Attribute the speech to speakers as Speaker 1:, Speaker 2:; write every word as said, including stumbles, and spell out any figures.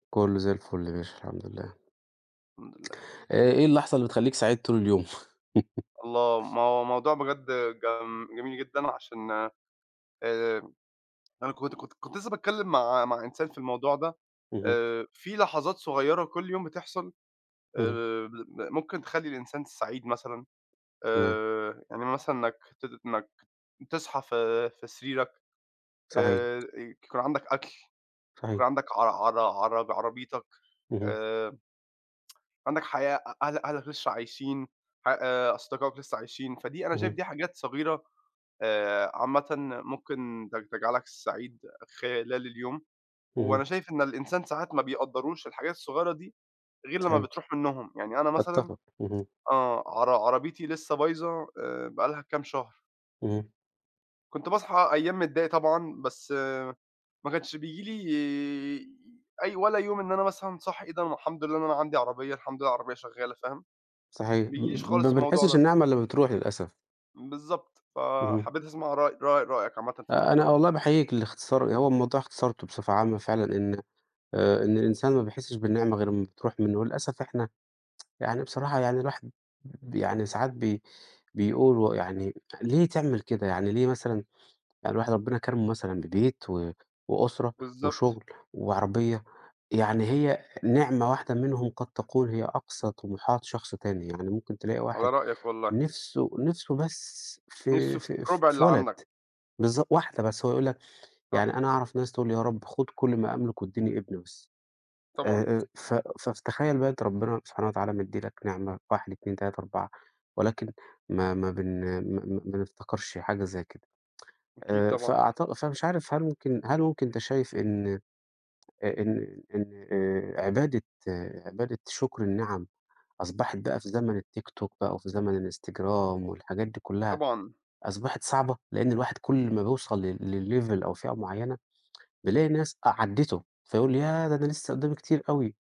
Speaker 1: كله زي الفل يا باشا، الحمد لله.
Speaker 2: الحمد لله.
Speaker 1: آآ، إيه اللحظة اللي بتخلّيك سعيد طول اليوم؟
Speaker 2: الله، ما هو موضوع بجد جم جميل جدًا عشان آآ، أنا كنت كنت كنت لسه باتكلم مع مع إنسان في الموضوع ده
Speaker 1: اهم.
Speaker 2: آآ، في لحظات صغيّرة كل يوم بتحصل آآ،
Speaker 1: اهم.
Speaker 2: مل ممكن تخلّي الإنسان سعيد مثلًا
Speaker 1: تمام.
Speaker 2: آآ، إن مثلًا مك ت إنك تصحى في في سريرك
Speaker 1: صحيح.
Speaker 2: آآ، ي يكون عندك أكل،
Speaker 1: صحيح.
Speaker 2: يكون عندك عر عرا عر عربيتك
Speaker 1: اهم.
Speaker 2: آآ عندك حياة، أ أه أهلك لسه عايشين، ح أصدقائك لسه عايشين، فدي أنا شايف
Speaker 1: اهم.
Speaker 2: دي حاجات صغيرة آآ، عامةً م ممكن تج تجعلك سعيد خلال اليوم،
Speaker 1: اهم.
Speaker 2: وأنا شايف إن الإنسان ساعات ما بيقدّروش الحاجات الصغيّرة دي غير لمّا
Speaker 1: صحيح.
Speaker 2: بتروح منهم، يعني أنا مثلًا
Speaker 1: أتفق. اهم.
Speaker 2: آه عر عربيتي لسه بايظة آآ، بقى لها كام شهر.
Speaker 1: اهم.
Speaker 2: كنت باصحى أيام متضايق طبعًا، بس ما كانش بييجي لي أي ولا يوم إن أنا مثلًا صاحى إيه ده الحمد لله إن أنا عندي عربية، الحمد لله العربية شغّالة فاهم،
Speaker 1: صحيح م
Speaker 2: بييجيليش
Speaker 1: م ما
Speaker 2: خالص الموضوع
Speaker 1: بنحسّش
Speaker 2: ده.
Speaker 1: النعمة إلّا لمّا بتروح للأسف.
Speaker 2: بالضبط،
Speaker 1: اهم.
Speaker 2: فحبيت أسمع رأي رأي رأيك عامةً في
Speaker 1: آآ، أنا
Speaker 2: الموضوع ده.
Speaker 1: والله باحيّيك للإختصار، هو الموضوع اختصرته بصفة عامة فعلًا إن آآ، إن الإنسان ما بيحسّش بالنعمة غير لمّا بتروح مِنّه، وللأسف إحنا يعني بصراحة يعني الواحد ب يعني ساعات بي بيقول و يعني ليه تعمل كده، يعني ليه مثلًا يعني الواحد ربنا كرمه مثلًا ببيت و وأسرة
Speaker 2: بالضبط.
Speaker 1: وشغل وعربية يعني هي نعمة واحدة منهم قد تكون هي أقصى طموحات شخص تاني، يعني ممكن تلاقي
Speaker 2: على
Speaker 1: واحد
Speaker 2: رأيك والله.
Speaker 1: نِْفسه نِفْسه بس في
Speaker 2: نِفْسه في
Speaker 1: في
Speaker 2: رُبع
Speaker 1: في
Speaker 2: اللي
Speaker 1: ولد
Speaker 2: عندك.
Speaker 1: بالضبط واحدة بس، هو يقُول لك يعني
Speaker 2: صح.
Speaker 1: أنا أعرف ناس تقُول يا رَب خُد كل ما أملك وادّيني ابن بس،
Speaker 2: طبعًا.
Speaker 1: آآ، ف فتخيّل بقى أنت ربنا سبحانه وتعالى مدّي لك نعمة واحد اتنين تلاتة أربعة ولكن ما ما بن م م ما نفتكرش حاجة زي كده
Speaker 2: أكيد
Speaker 1: آآ،
Speaker 2: طبعًا، صح.
Speaker 1: فأعتق فمش عارف هل ممكن هل ممكن أنت شايف إن آآ، إن إن آآ، عبادة عبادة شُكر النعم أصبحت بقى في زمن الTikTok بقى وفي زمن الInstagram والحاجات دي كُلّها
Speaker 2: طبعًا.
Speaker 1: أصبحت صعبة لإن الواحد كل ما بيوصل ل لlevel أو فئة معيّنة بيلاقي ناس أ عدّته فيقُول ياه! ده أنا لسه قدّامي كتير أوي.